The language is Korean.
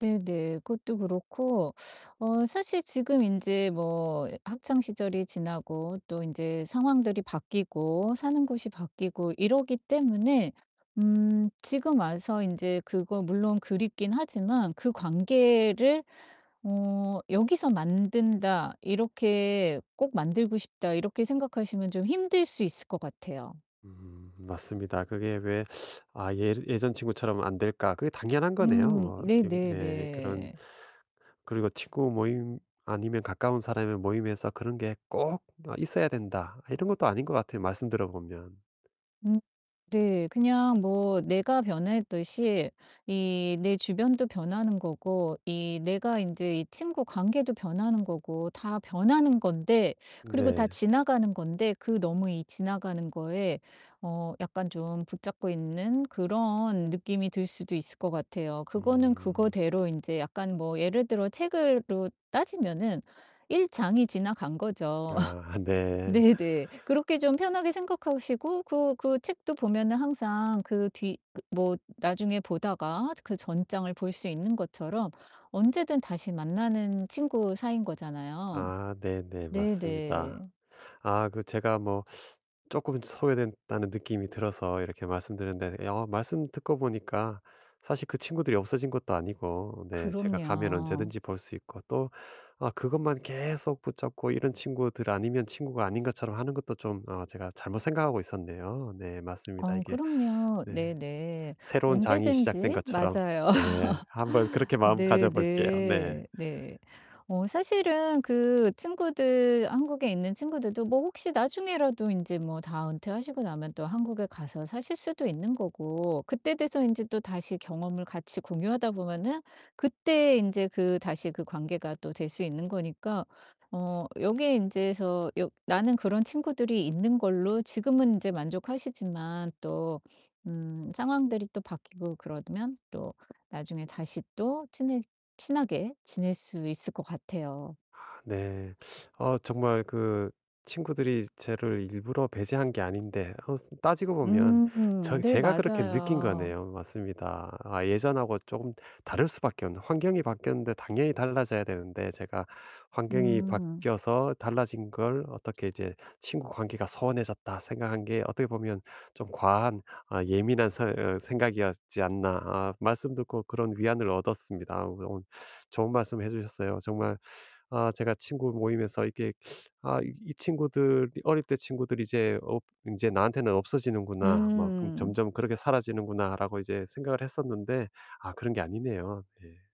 네네, 그것도 그렇고 어 사실 지금 인제 뭐 학창 시절이 지나고 또 인제 상황들이 바뀌고 사는 곳이 바뀌고 이러기 때문에 음 지금 와서 인제 그거 물론 그립기는 하지만 그 관계를 어 '여기서 만든다.' 이렇게 '꼭 만들고 싶다.' 이렇게 생각하시면 좀 힘들 수 있을 것 같아요. 음 맞습니다. 그게 왜 '아 예 예전 친구처럼 안 될까?' 그게 당연한 거네요. 음, 뭐 이거 네 그런 네네네. 그리고 '친구 모임 아니면 가까운 사람의 모임에서 그런 게 꼭 어 있어야 된다.' 이런 것도 아닌 것 같아요 말씀 들어보면. 음 네. 그냥 뭐 내가 변했듯이 이 내 주변도 변하는 거고 이 내가 인제 이 친구 관계도 변하는 거고 다 변하는 건데 그리고 다 네. 지나가는 건데 그 너무 이 지나가는 거에 어 약간 좀 붙잡고 있는 그런 느낌이 들 수도 있을 것 같아요. 그거는 음. 그거대로 인제 약간 뭐 예를 들어 책으로 따지면은 1 장이 지나간 거죠. 아, 네. 네네. 그렇게 좀 편하게 생각하시고 그 그 책도 보면은 항상 그 뒤 그 뭐 나중에 보다가 그 전장을 볼 수 있는 것처럼 언제든 다시 만나는 친구 사이인 거잖아요. 아 네네 네 맞습니다. 네. 아 그 제가 뭐 쪼끔 소외된다는 느낌이 들어서 이렇게 말씀드렸는데 어 말씀 듣고 보니까 사실 그 친구들이 없어진 것도 아니고 네 제가 가면 그럼요. 언제든지 볼 수 있고 또 아 그것만 계속 붙잡고 이런 친구들 아니면 친구가 아닌 것처럼 하는 것도 좀 어 제가 잘못 생각하고 있었네요. 네 맞습니다. 어 이게 그럼요. 네. 네네. 새로운 장이 시작된 언제든지 것처럼 맞아요. 네 한번 그렇게 마음 가져 볼게요. 네. 네네. 네. 어 사실은 그 친구들 한국에 있는 친구들도 뭐 혹시 나중에라도 인제 뭐 다 은퇴하시고 나면 또 한국에 가서 사실 수도 있는 거고 그때 돼서 인제 또다시 경험을 같이 공유하다 보면은 그때 인제 그 다시 인제 그 관계가 또 될 수 있는 거니까 어 여기에 인제서 여 나는 그런 친구들이 있는 걸로 지금은 인제 만족하시지만 또 음 상황들이 또 바뀌고 그러면 또 나중에 다시 또 친해 친하게 지낼 수 있을 것 같아요. 아 네. 어 정말 그 친구들이 저를 일부러 배제한 게 아닌데 어 따지고 보면 저 음. 네 제가 그렇게 느낀 맞아요. 거네요. 맞습니다. 아 예전하고 쪼금 다를 수 밖에 없는 환경이 바뀌었는데 당연히 달라져야 되는데 제가 환경이 음. 바뀌어서 달라진 걸 어떻게 이제 '친구관계가 소원해졌다.' 생각한 게 어떻게 보면 '좀 과한 아 예민한 서 어 생각이었지 않나.' 아 말씀 듣고 그런 위안을 얻었습니다. 어 그 오늘 좋은 말씀 해 주셨어요. 정말 아 제가 친구 모임에서 이게 '아 이 친구들 어릴 때 친구들이 이제 없 이제 나한테는 없어지는구나. 뭐 그 음. 점점 그렇게 사라지는구나.'라고 이제 생각을 했었는데 아 그런 게 아니네요. 네.